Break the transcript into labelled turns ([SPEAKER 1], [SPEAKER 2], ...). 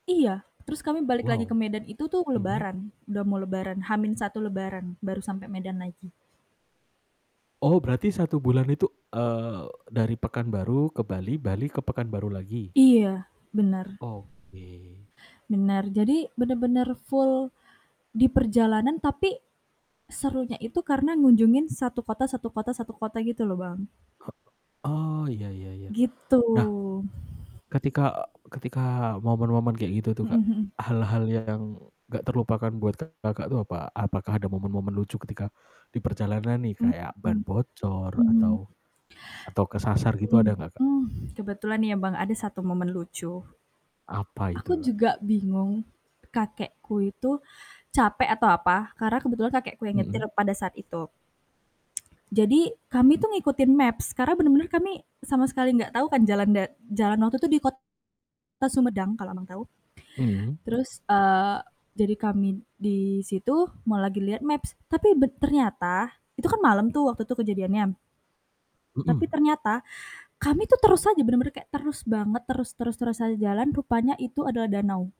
[SPEAKER 1] Iya, terus kami balik lagi ke
[SPEAKER 2] Wow.
[SPEAKER 1] Medan itu tuh
[SPEAKER 2] Mhm.
[SPEAKER 1] lebaran, udah mau lebaran, H-1 lebaran baru sampai Medan lagi.
[SPEAKER 2] Oh berarti 1 bulan itu, eee, dari Pekanbaru ke Bali, Bali ke Pekanbaru lagi?
[SPEAKER 1] Iya, bener.
[SPEAKER 2] Oke.
[SPEAKER 1] Bener, jadi bener-bener full diperjalanan, tapi serunya itu karena ngunjungin 1 kota 1 kota 1 kota gitu loh, Bang.
[SPEAKER 2] Hek oh, ya ya ya.
[SPEAKER 1] Gitu.
[SPEAKER 2] Nah, ketika ketika momen-momen kayak gitu tuh,
[SPEAKER 1] Mhm
[SPEAKER 2] Kak,
[SPEAKER 1] mhm.
[SPEAKER 2] hal-hal yang gak terlupakan buat Kakak tuh apa? Apakah ada momen-momen lucu ketika diperjalanan nih
[SPEAKER 1] Mmm,
[SPEAKER 2] kayak ban
[SPEAKER 1] mhm.
[SPEAKER 2] bocor
[SPEAKER 1] Mhm.
[SPEAKER 2] atau atau kesasar gitu
[SPEAKER 1] Mhm,
[SPEAKER 2] ada gak, Kak?
[SPEAKER 1] mmm, kebetulan ya, Bang, ada satu momen lucu.
[SPEAKER 2] Apa
[SPEAKER 1] Aku
[SPEAKER 2] itu, Kak?
[SPEAKER 1] juga bingung kakekku itu capek atau apa, karena kebetulan kakekku yang nyetir
[SPEAKER 2] Mhm.
[SPEAKER 1] pada saat itu. Jadi, kami tuh ngikutin maps, karena bener-bener kami sama sekali gak tau kan jalan da jalan waktu itu di kota Sumedang kalau Abang tahu,
[SPEAKER 2] Mhm.
[SPEAKER 1] terus eee, jadi kami di situ, mau lagi liat maps, tapi be ternyata itu kan malem tuh waktu tuh kejadiannya. Tapi
[SPEAKER 2] Mhm.
[SPEAKER 1] ternyata kami tuh terus aja, bener-bener kayak terus banget, terus terus terus aja jalan, rupanya itu adalah danau.